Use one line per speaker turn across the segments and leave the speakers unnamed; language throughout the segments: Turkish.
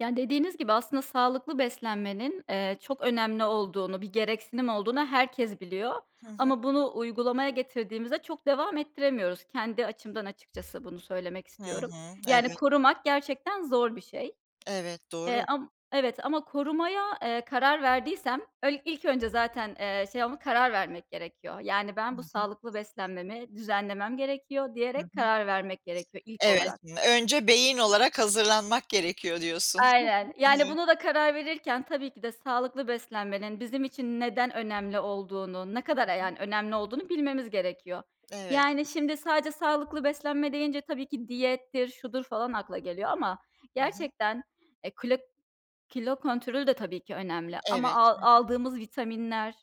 Yani, dediğiniz gibi, aslında sağlıklı beslenmenin, eee, çok önemli olduğunu, bir gereksinim olduğunu herkes biliyor
Hı hı.
ama bunu uygulamaya getirdiğimizde çok devam ettiremiyoruz. Kendi açımdan açıkçası bunu söylemek
Hı
istiyorum.
hı.
Yani
Evet.
korumak gerçekten zor bir şey.
Evet,
Eee,
doğru.
am Evet, ama korumaya, eee, karar verdiysem öl ilk önce zaten, eee, şey ama karar vermek gerekiyor. Yani,
Hı
"Ben bu
hı.
sağlıklı beslenmemi düzenlemem gerekiyor."
Hı
diyerek
hı.
karar vermek gerekiyor, ilk
Evet,
olarak.
m "Önce beyin olarak hazırlanmak gerekiyor." diyorsun.
Aynen. Yani,
Evet.
bunu da karar verirken, tabii ki de sağlıklı beslenmenin bizim için neden önemli olduğunu, ne
Hı
kadar, eee,
hı.
yani, önemli olduğunu bilmemiz gerekiyor.
Evet.
Yani şimdi sadece sağlıklı beslenme deyince tabii ki diyettir, şudur falan akla geliyor ama
Hı hı.
gerçekten e, klo kilo kontrolü de tabii ki önemli. Ama
Evet,
al
hı hı.
aldığımız vitaminler,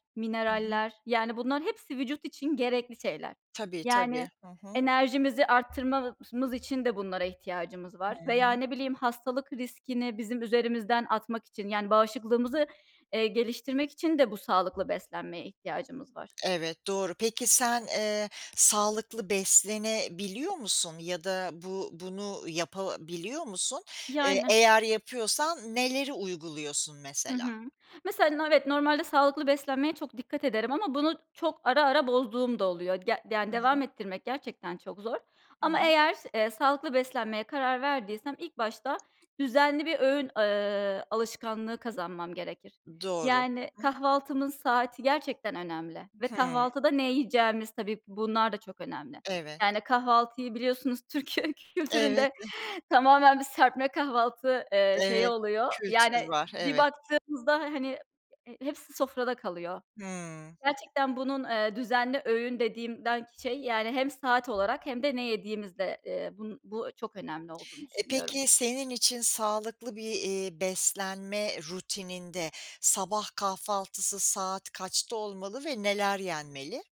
Hı hı.
mineraller, yani, bunların hepsi vücut için gerekli şeyler.
Tabii,
Yani,
tabii. Hı hı.
enerjimizi arttırmamız için de bunlara ihtiyacımız
Hı
var. Veya,
hı.
ne bileyim, hastalık riskini bizim üzerimizden atmak için yani bağışıklığımızı, eee, geliştirmek için de bu sağlıklı beslenmeye ihtiyacımız var.
Evet, doğru. Peki sen, eee, sağlıklı beslenebiliyor musun ya da bu bunu yapabiliyor musun? Eee,
Yani.
eğer yapıyorsan neleri uyguluyorsun
Hı
mesela?
hı. Mesela no evet, normalde sağlıklı beslenmeye çok dikkat ederim ama bunu çok ara ara bozduğum da oluyor. Ya
Hı
yani,
hı.
devam ettirmek gerçekten çok zor.
Hı
Ama
hı.
eğer, eee, sağlıklı beslenmeye karar verdiysem ilk başta düzenli bir öğün, ııı, alışkanlığı kazanmam gerekir.
Doğru. Hı
Yani
hı.
kahvaltımın saati gerçekten önemli ve
Hıı.
kahvaltıda ne yiyeceğimiz, tabii bunlar da çok önemli.
Evet.
Yani, kahvaltıyı biliyorsunuz, Türkiye
Evet.
kültüründe
Eh.
tamamen bir serpme kahvaltı, eee, şeyi
Evet,
oluyor. Yani
kültür var,
bir
evet.
baktığımızda, hani, eee, hepsi sofrada kalıyor.
Hımm.
Gerçekten bunun, eee, düzenli öğün dediğimden şey, yani, hem saat olarak hem de ne yediğimiz de, eee, bun bu çok önemli olduğunu
E,
düşünüyorum.
peki senin için sağlıklı bir, eee, beslenme rutininde sabah kahvaltısı saat kaçta olmalı ve neler yenmeli?